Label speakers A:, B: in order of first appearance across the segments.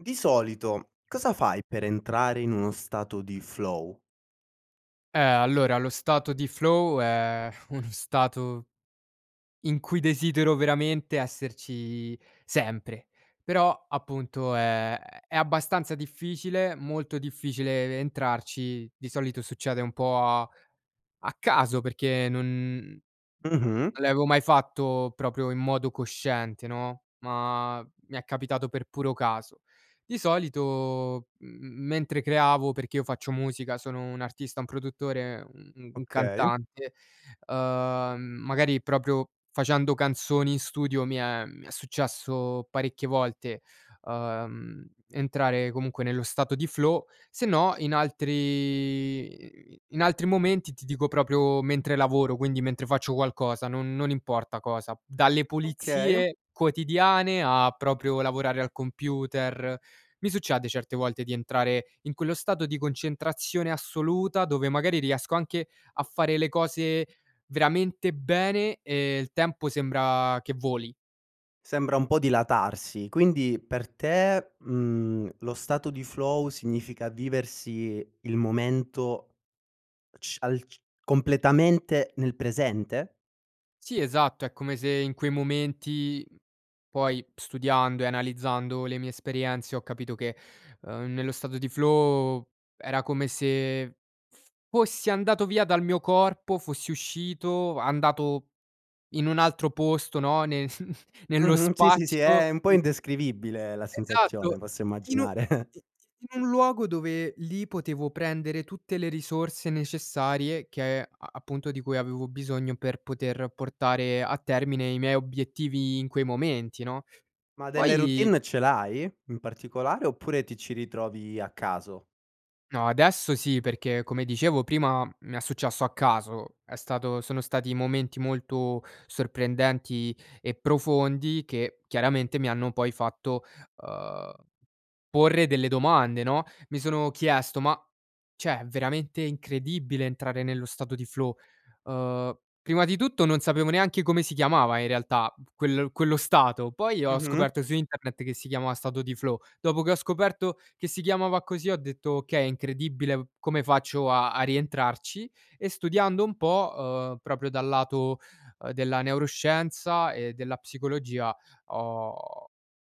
A: Di solito cosa fai per entrare in uno stato di flow?
B: Eh, allora lo stato di flow è uno stato in cui desidero veramente esserci sempre. Però, appunto, è è abbastanza difficile molto difficile e ve entrarci, di solito succede un po' a a caso, perché non
A: Mh-mh.
B: non l'avevo mai fatto proprio in modo cosciente, no, ma mi è capitato per puro caso. Di solito m m mentre creavo perché io faccio musica sono un artista, un produttore, un u u un
A: Okay.
B: cantante, uhm, magari proprio facendo canzoni in studio mi è mi è successo parecchie volte, uhm, entrare comunque nello stato di flow. Sennò in altri i i in altri momenti. Ti dico proprio mentre lavoro, quindi mentre faccio qualcosa, non non importa cosa, p dalle
A: Okay.
B: pulizie quotidiane a proprio lavorare al computer, mi succede certe volte di entrare in quello stato di concentrazione assoluta, dove magari riesco anche a fare le cose veramente bene, e il tempo sembra che voli.
A: Sembra un po' dilatarsi. Quindi per te, mhmm, lo stato di flow significa viversi il momento c al c completamente nel presente?
B: Sì, esatto. È come se in quei momenti, mhmm, poi studiando e analizzando le mie esperienze ho capito che, uhm, nello stato di flow era come se f fossi andato via dal mio corpo, fossi uscito, andato in un altro posto, no, ne nello
A: Mh-mh. Sì, sì, sì.
B: spazio,
A: Eh, è un po'
B: mhmm
A: indescrivibile la sensazione.
B: Esatto.
A: Posso
B: In u
A: immaginare.
B: i i in un luogo dove lì potevo prendere tutte le risorse necessarie che a a appunto di cui avevo bisogno per poter portare a termine i miei obiettivi in quei momenti, no,
A: Ma delle
B: poi
A: routine ce l'hai, in particolare? Oppure ti ci ritrovi a caso?
B: No, adesso sì. Perché come dicevo prima m mi è successo a caso, è stato sono stati momenti molto sorprendenti e profondi che chiaramente mi hanno poi fatto, uhm, porre delle domande, no, mi sono chiesto, ma, cioè è veramente incredibile entrare nello stato di flow. Uhm, prima di tutto non sapevo neanche come si chiamava in realtà p quel quello stato, poi ho
A: Mh-mh.
B: scoperto su internet che si chiama stato di flow, dopo che ho scoperto che si chiamava così ho detto: "Okay è incredibile v come faccio a a rientrarci?" E studiando un po', uhm, proprio dal lato, uhm, della neuroscienza e della psicologia ho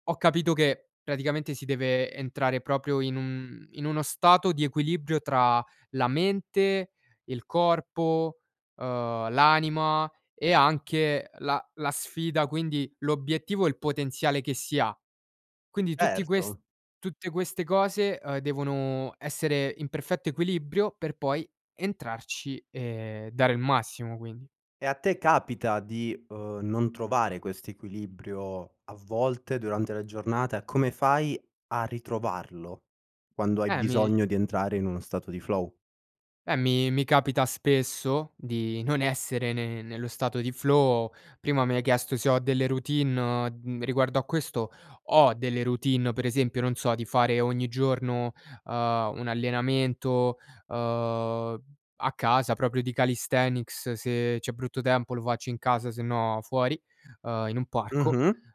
B: ho capito che praticamente si deve entrare proprio in un in uno stato di equilibrio tra la mente, il corpo, uhm, l'anima e anche, ehm, la la sfida, quindi l'obiettivo e il potenziale che si ha. Quindi tutti ques
A: Erto.
B: tutte queste cose, uhm, devono essere in perfetto equilibrio per poi entrarci e dare il massimo, quindi.
A: E, a te capita di, uhm, non trovare questo equilibrio a volte durante la giornata, e come fai a ritrovarlo, quando hai
B: Eh, mi
A: bisogno di entrare in uno stato di flow?
B: eh mi mi capita spesso di non essere ne nello stato di flow. Prima mi hai chiesto se ho delle routine, o m d riguardo a questo ho delle routine, uhm, per esempio, non so, di fare ogni giorno, uhm, un allenamento, uhm, a casa proprio di calisthenics, se c'è brutto tempo lo faccio in casa sennò fuori, uhm, in un parco.
A: Mh-mh.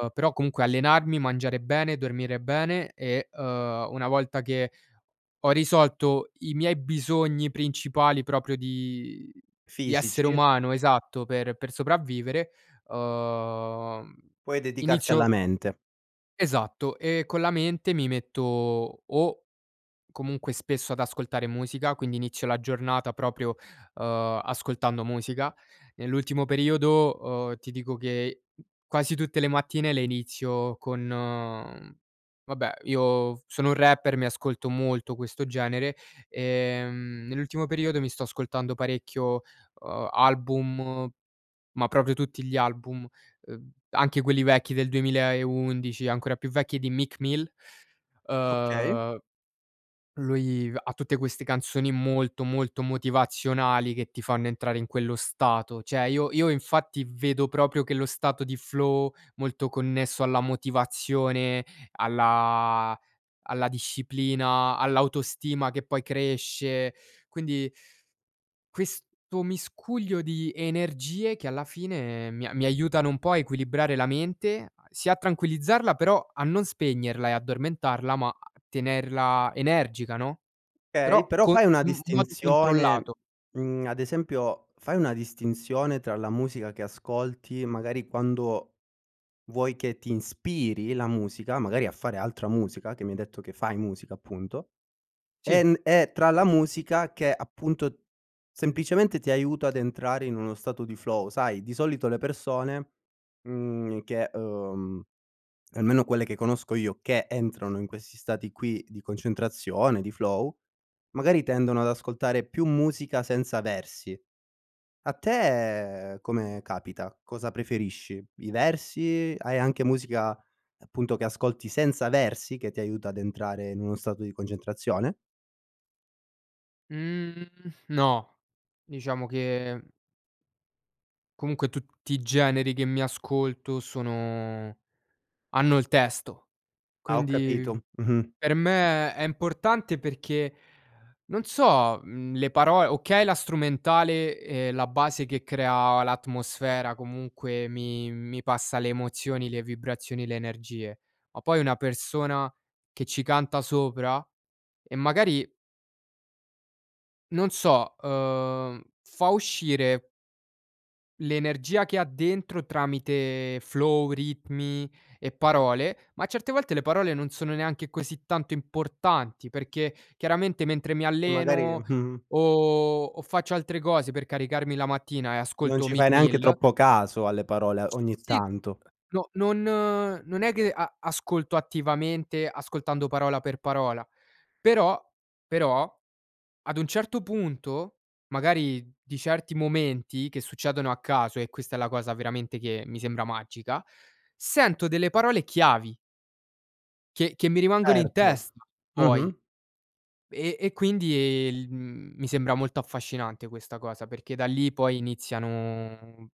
B: Uhm, però comunque allenarmi, mangiare bene, dormire bene e, uhm, una volta che ho risolto i miei bisogni principali proprio di di essere
A: Fisici?
B: umano esatto, per per sopravvivere, uhm,
A: Puoi dedicarti
B: inizio
A: alla mente.
B: Esatto. E con la mente mi metto o comunque spesso ad ascoltare musica, quindi inizio la giornata proprio, uhm, ascoltando musica. Nell'ultimo periodo, uhm, ti dico che i quasi tutte le mattine le inizio con, mhmm, vabbè io v sono un rapper, mi ascolto molto questo genere, ehm, nell'ultimo periodo mi sto ascoltando parecchio, uhm, album ma proprio tutti gli album, uhm, anche quelli vecchi del 2011 e ancora più vecchi di Meek Mill.
A: Okay.
B: Uhm, lui v ha tutte queste canzoni molto molto motivazionali che ti fanno entrare in quello stato. Cioè io io infatti vedo proprio che lo stato di flow molto connesso alla motivazione alla alla disciplina, all'autostima che poi cresce, quindi questo miscuglio di energie che alla fine mi a mi aiutano un po' a equilibrare la mente, a sì a tranquillizzarla, però a non spegnerla e addormentarla, ma a tenerla energica, no,
A: Okay,
B: però
A: però
B: co i
A: fai una
B: in modo
A: distinzione,
B: controllato.
A: mhmm, ad esempio, fai una distinzione tra la musica, che ascolti, magari quando vuoi che ti inspiri la musica, magari a fare altra musica che mi hai detto che fai musica, appunto,
B: Sì.
A: en e tra la musica che, appunto, semplicemente ti aiuta ad entrare in uno stato di flow. Sai, di solito le persone, mhmm, che, uhm, almeno quelle che conosco io, che entrano in questi stati qui di concentrazione, di flow, magari tendono ad ascoltare più musica senza versi. A te come capita? Cosa preferisci? I versi, hai anche musica, appunto, che ascolti senza versi che ti aiuta ad entrare in uno stato di concentrazione?
B: Mhmm, no. Diciamo che comunque tutti i generi che mi ascolto sono hanno il testo.
A: Ah, ho
B: Quindi
A: capito. Mh-mh.
B: per me è importante perché, non so, mhmm, le paro okay, la strumentale e la base che crea l'atmosfera comunque mi mi passa le emozioni, le vibrazioni, le energie, ma poi una persona che ci canta sopra e magari non so, uhm, fa uscire l'energia che ha dentro tramite flow, ritmi e parole, ma certe volte le parole non sono neanche così tanto importanti perché, chiaramente, mentre mi
A: E magari
B: alleno
A: mh -mh.
B: o o faccio altre cose per caricarmi la mattina e
A: Non
B: ascolto
A: ci fai
B: Meek
A: neanche
B: Mill
A: troppo caso alle parole, ogni
B: Sì, mhmm,
A: tanto.
B: ehm, no non non è che a ascolto attivamente, ascoltando parola per parola, però, però ad un certo punto, magari di certi momenti, che succedono a caso e questa è la cosa veramente che mi sembra magica, sento delle parole chiavi che che mi rimangono in
A: Certo,
B: testa, poi,
A: mh-mh.
B: e e quindi il mhmm, mi sembra molto affascinante questa cosa, perché da lì poi iniziano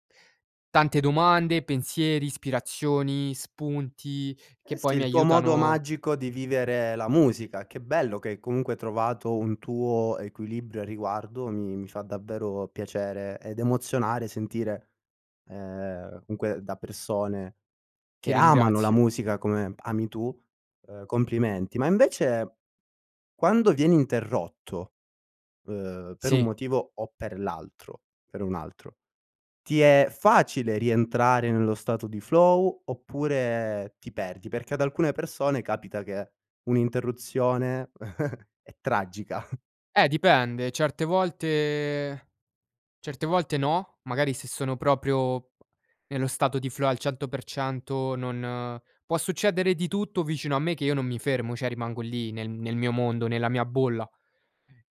B: tante domande, pensieri, ispirazioni, spunti che
A: Eh,
B: poi
A: sì,
B: mi
A: il tuo modo
B: aiutano
A: magico di vivere la musica. Che bello che hai, comunque, trovato un tuo equilibrio a riguardo, mi mi fa davvero piacere ed emozionare, sentire, ehm, comunque da persone
B: Ti
A: che amano la
B: ringrazio.
A: musica come ami tu, ehm, complimenti. Ma invece, quando vieni interrotto, ehm, per un
B: Sì.
A: motivo o per l'altro per un altro, ti è facile rientrare nello stato di flow, oppure ti perdi? Perché ad alcune persone capita che un'interruzione è tragica.
B: Eh, dipende. Certe volte certe volte no, magari se sono proprio nello stato di flow al 100% non può succedere di tutto vicino a me che io non mi fermo, cioè rimango lì, nel nel mio mondo, nella mia bolla.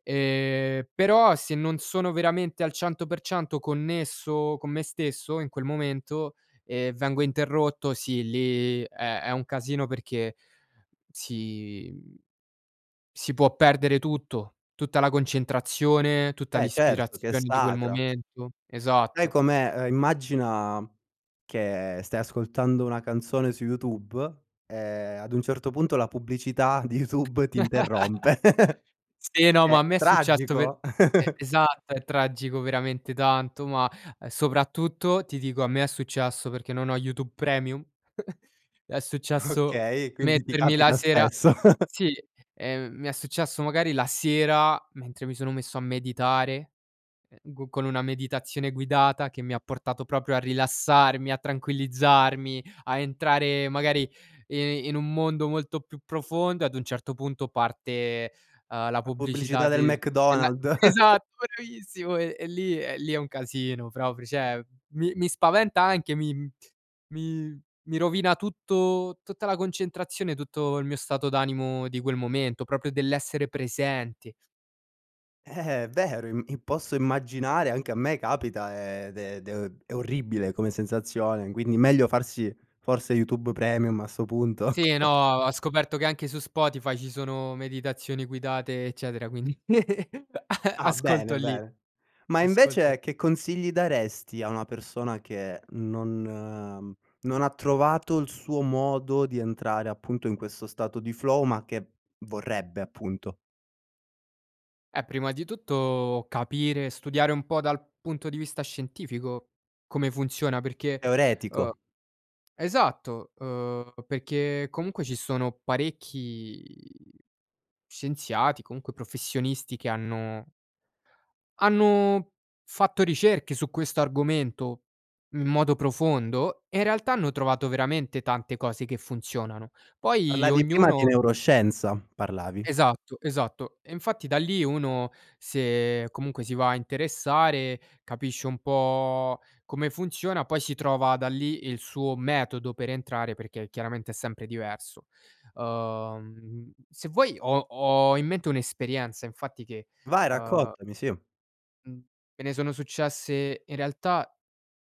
B: Ehm, però se non sono veramente al 100% connesso con me stesso in quel momento, ehm, vengo interrotto, sì lì è è un casino perché si, mhmm, si può perdere tutto, tutta la concentrazione, tutta
A: Beh certo, che è
B: l'ispirazione di quel
A: sacra.
B: momento,
A: Sai
B: esatto.
A: com'è? Ehm, immagina che stai ascoltando una canzone su YouTube e ad un certo punto la pubblicità di YouTube ti interrompe.
B: Sì, no ma
A: Eh,
B: a me è successo per
A: tragico.
B: e esatto. È tragico veramente tanto ma soprattutto ti dico a me è successo perché non ho YouTube Premium. È successo
A: Okay quindi ti
B: mettermi la
A: capita
B: sera
A: spesso.
B: sì, ehm, mi è successo magari la sera mentre mi sono messo a meditare, ehm, go con una meditazione guidata che mi ha portato proprio a rilassarmi, a tranquillizzarmi, a entrare magari i in un mondo molto più profondo e ad un certo punto parte, ehm, la
A: La pubblicità
B: pubblicità
A: del
B: di de la
A: McDonald's.
B: esatto, bellissimo e lì e lì è un casino, proprio cioè. Mi mi spaventa anche mi mi mi rovina tutto tutta la concentrazione, tutto il mio stato d'animo di quel momento, proprio dell'essere presente.
A: Eh, vero, im posso immaginare, anche a me capita, ehm, ed è ed è orribile come sensazione. Quindi meglio farsi forse YouTube Premium a 'sto punto.
B: Sì, no, ho scoperto che anche su Spotify ci sono meditazioni guidate, eccetera, quindi
A: Ah,
B: ascolto
A: bene,
B: lì.
A: bene. Ma
B: Ascolto lì.
A: invece che consigli daresti a una persona che non non ha trovato il suo modo di entrare appunto in questo stato di flow ma che vorrebbe appunto.
B: Eh, prima di tutto capire, studiare un po' dal punto di vista scientifico come funziona perché, uhm,
A: Teoretico.
B: esatto, ehm, perché comunque ci sono parecchi scienziati comunque professionisti che hanno hanno fatto ricerche su questo argomento in modo profondo e in realtà hanno trovato veramente tante cose che funzionano. Poi
A: Parlavi prima di
B: ognuno
A: neuroscienza, parlavi.
B: Esatto, esatto. E infatti da lì uno, se comunque si va a interessare, capisce un po' come funziona, poi si trova da lì il suo metodo per entrare, perché chiaramente è sempre diverso. Ehm, se vuoi ho ho in mente un'esperienza infatti che,
A: Vai,
B: ehm
A: raccontami sì.
B: mhmm, me ne sono successe in realtà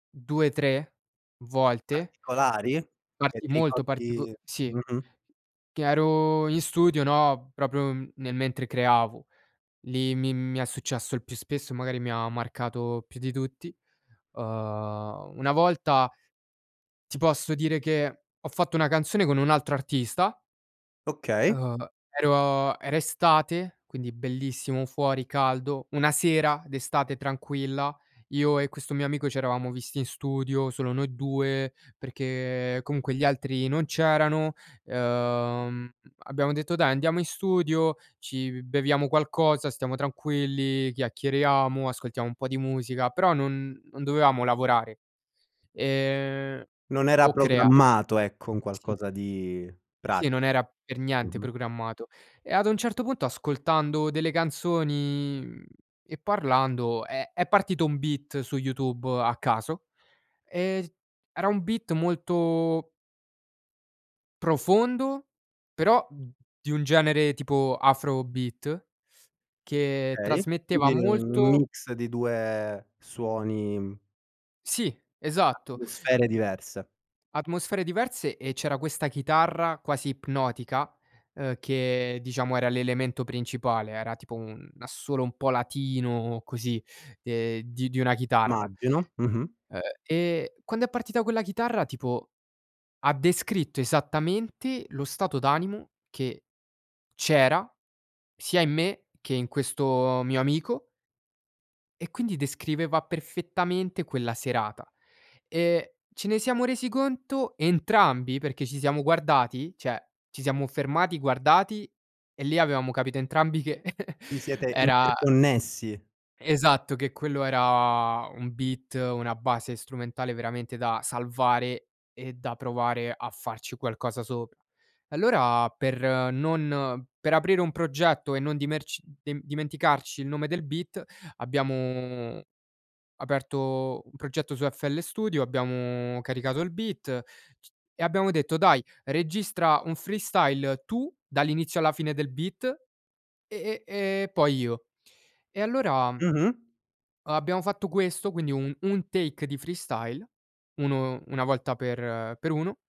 B: 2, 3 volte,
A: Particolari? Che
B: parti
A: ti
B: molto partico
A: ricordi
B: sì,
A: mh-mh.
B: che ero in studio, no, proprio nel mentre creavo. Lì mi mi è successo il più spesso, magari mi ha marcato, ehm, più di tutti, ehm, una volta ti posso dire che ho fatto una canzone con un altro artista.
A: Okay.
B: Ehm, ero era estate, quindi bellissimo, fuori caldo. Una sera d'estate tranquilla, io e questo mio amico c'eravamo visti in studio, solo noi 2 perché comunque gli altri non c'erano, ehm, abbiamo detto: "Dai andiamo in studio, ci beviamo qualcosa, stiamo tranquilli, chiacchieriamo, ascoltiamo un po' di musica". Però non non dovevamo lavorare. Ehm,
A: Non era
B: o crea
A: programmato ecco, un
B: Sì.
A: qualcosa di
B: Sì,
A: pratico.
B: non era per niente
A: Mh-mh.
B: programmato. E ad un certo punto ascoltando delle canzoni, mhmm, e parlando è è partito un beat su YouTube a caso e era un flow molto profondo, però di un genere tipo afro beat che
A: Okay,
B: trasmetteva
A: quindi un
B: molto
A: mix di due suoni, mhmm,
B: Sì, esatto.
A: atmosfere diverse.
B: Atmosfere diverse e c'era questa chitarra, quasi ipnotica, ehm, che diciamo era l'elemento principale. Era tipo un assolo un po' latino così, ehm, di di una chitarra,
A: Immagino. Mh-mh.
B: ehm. E quando è partita quella chitarra tipo ha descritto esattamente lo stato d'animo che c'era sia in me che in questo mio amico e quindi descriveva perfettamente quella serata. Ehm, ce ne siamo resi conto entrambi, perché ci siamo guardati, cioè, ci siamo fermati, guardati e lì avevamo capito entrambi che
A: Vi siete
B: era
A: interconnessi.
B: esatto, che quello era un beat, una base strumentale veramente da salvare e da provare a farci qualcosa sopra. Allora, per non per aprire un progetto e non dimer dimenticarci il nome del beat abbiamo aperto un progetto su FL Studio, abbiamo caricato il beat, e abbiamo detto: "Dai, registra un freestyle tu, dall'inizio alla fine del beat, e e e poi io". E allora,
A: Mh-mh.
B: abbiamo fatto questo quindi un un take di freestyle, uno una volta per per uno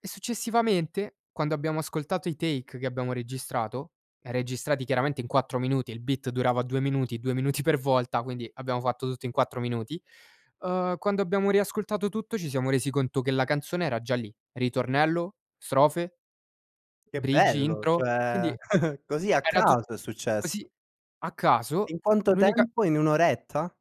B: e successivamente, quando abbiamo ascoltato i take che abbiamo registrato, registrati chiaramente in 4 minuti, e il beat durava 2 minuti, 2 minuti per volta, quindi abbiamo fatto tutto in 4 minuti, ehm, quando abbiamo riascoltato tutto ci siamo resi conto che la canzone era già lì, ritornello, strofe,
A: Che
B: bridge,
A: bello!
B: intro,
A: Cioè,
B: quindi
A: così a
B: era tut
A: caso è
B: così
A: successo.
B: a
A: In
B: caso,
A: quanto
B: l'unica
A: tempo? In 1 oretta?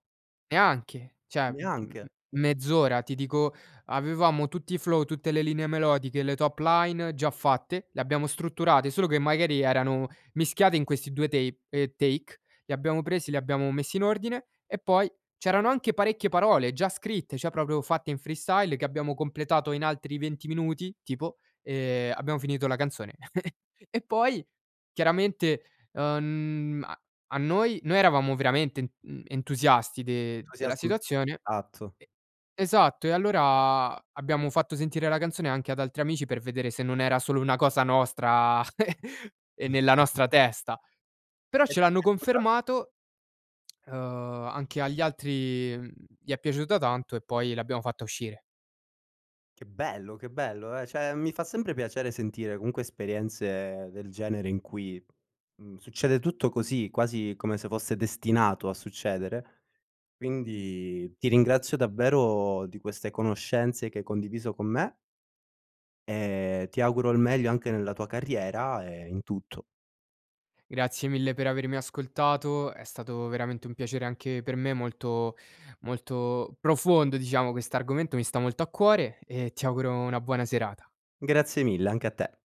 B: Neanche. Cioè, m m
A: Neanche.
B: mezz'ora ti dico, avevamo tutti i flow, tutte le linee melodiche, le top line già fatte, le abbiamo strutturate, solo che magari erano mischiate in questi due tape, ehm, take. Li abbiamo presi, li abbiamo messi in ordine e poi c'erano anche parecchie parole già scritte, cioè proprio fatte in freestyle che abbiamo completato in altri 20 minuti tipo, ehm, abbiamo finito la canzone. E poi, chiaramente, ehm, a noi noi eravamo veramente, mhmm, entusiasti de della situazione
A: [unintelligible]
B: e, esatto. E allora abbiamo fatto sentire la canzone anche ad altri amici per vedere se non era solo una cosa nostra e nella nostra testa. Però ce l'hanno
A: [unintelligible]
B: confermato, ehm, anche agli altri, mhmm, gli è piaciuta tanto e poi l'abbiamo fatta uscire.
A: Che bello, che bello! Eh, cioè, mi fa sempre piacere sentire comunque esperienze del genere in cui, mhmm, succede tutto così, quasi come se fosse destinato a succedere. Quindi ti ringrazio davvero di queste conoscenze che hai condiviso con me. E ti auguro il meglio anche nella tua carriera e in tutto.
B: Grazie mille per avermi ascoltato, è stato veramente un piacere anche per me, molto, molto profondo diciamo. Questo argomento, mi sta molto a cuore e ti auguro una buona serata.
A: Grazie mille, anche a te.